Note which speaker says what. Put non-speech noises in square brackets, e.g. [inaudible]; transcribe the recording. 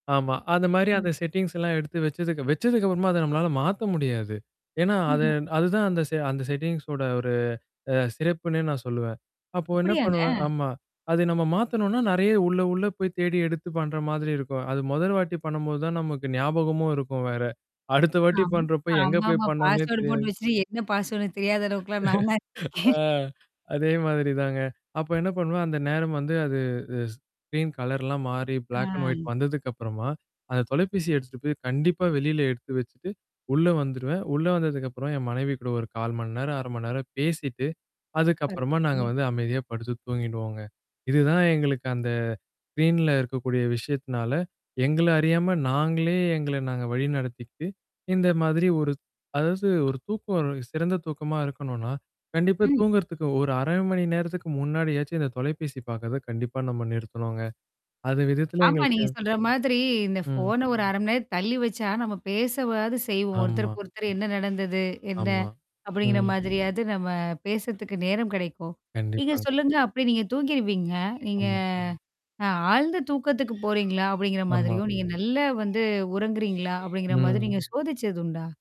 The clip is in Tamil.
Speaker 1: ஆமா. அந்த மாரி, அந்த
Speaker 2: ம்.
Speaker 1: செட்டிங்ஸ் எல்லாம் எடுத்து வச்சதுக்கு, வச்சதுக்கப்புறமாதா நம்மளால மாத்த முடியாது. ஏன்னா அது
Speaker 2: ம்ஹ்ம்.
Speaker 1: அதுதான் அந்த செ அந்த செட்டிங்ஸோட ஒரு அ சிறப்புன்னே நான் சொல்லுவேன். அப்போ என்ன
Speaker 2: அப்படியாங்க.
Speaker 1: பண்ணுவேன் ஆமா. அத நம்ம மாத்தணும்னா நெறைய உள்ள, உள்ள போய் தேடி எடுத்து பண்ற மாதிரி இருக்கும். அது மொதல் வாட்டி பண்ணும்போது தான் நமக்கு ஞாபகமும் இருக்கும் வேற. அடுத்த வாட்டி
Speaker 2: அம்
Speaker 1: பண்றப்ப எங்க போய்
Speaker 2: ஆமாமா.
Speaker 1: பண்ணோனே
Speaker 2: பாஸ்வோர்டு
Speaker 1: தெரியாது.
Speaker 2: போட்டு வச்சுட்டு என்ன பாஸ்வர்டுன்னு தெரியாத அளவுக்கெல்லாம் நான் தான்
Speaker 1: [laughs] ஆ
Speaker 2: இருந்துருக்கேகேன். [chuckles]
Speaker 1: அதே மாதிரி தாங்க. அப்போ என்ன பண்ணுவேன் அந்த நேரம் வந்து அது அ ஸ்கரீன் கலர்லாம் மாறி பிளாக் அண்ட் ஒயிட்
Speaker 2: அ.
Speaker 1: வந்ததுக்குப்புறமா. அந்த தொலைபேசிய எடுத்துட்டு போய் கண்டிப்பா வெளில எடுத்து வச்சுட்டு உள்ள வந்துருவேன். உள்ள வந்ததுக்கப்புறம் என் மனைவி கூட ஒரு 1/4 மணி நேரம், 1/2 மணி நேரம் பேசிட்டு. அதுக்கப்புறமா நாங்க
Speaker 2: [unintelligible]
Speaker 1: வந்து அமைதியா படுத்து தூங்கிடுவோங்க. இதுதான் எங்களுக்கு அந்த ஸ்க்ரீன்ல இருக்கக்கூடிய விஷயத்தினால, எங்கள அறியாம நாங்களே எங்கள நாங்க வழிநடத்திட்டு இந்த மாதிரி ஒரு. அதாவது ஒரு தூக்கம் சிறந்த தூக்கமா இருக்கணும்னா. கண்டிப்பா
Speaker 2: ம்.
Speaker 1: தூங்குறதுக்கு. ஒரு 1/2 மணி நேரத்துக்கு முன்னாடியாச்சும் இந்த தொலைபேசி பார்க்கறத கண்டிப்பா நம்ம நிறுத்தனோங்க. அது விதத்தில
Speaker 2: ஆமா,
Speaker 1: எங்களுக்கு
Speaker 2: நீங்க சொல்ற மாதிரி இந்த
Speaker 1: ம்.
Speaker 2: ஃபோன ஒரு 1/2 மணி நேரம் தள்ளி வச்சா நம்ம பேசவாது செய்வோம்.
Speaker 1: ஆமா.
Speaker 2: ஒருத்தருக்கு ஒருத்தர் என்ன நடந்தது? என்ன?
Speaker 1: ஆமா.
Speaker 2: அப்படிங்கிற
Speaker 1: ம்.
Speaker 2: மாதிரியாவது நம்ம பேசத்துக்கு நேரம் கிடைக்கும். நீங்க
Speaker 1: கண்டிப்பாங்க.
Speaker 2: சொல்லுங்க அப்படி நீங்க தூங்கிருவீங்க. நீங்க.
Speaker 1: ம்.
Speaker 2: ஆ ஆழ்ந்த தூக்கத்துக்கு போறீங்களா? அப்படிங்கிற
Speaker 1: ஆமா.
Speaker 2: மாதிரியும், நீங்க நல்லா வந்து உறங்குறீங்களா? அப்படிங்கிற மாதிரி நீங்க
Speaker 1: ம்
Speaker 2: சோதிச்சது உண்டா?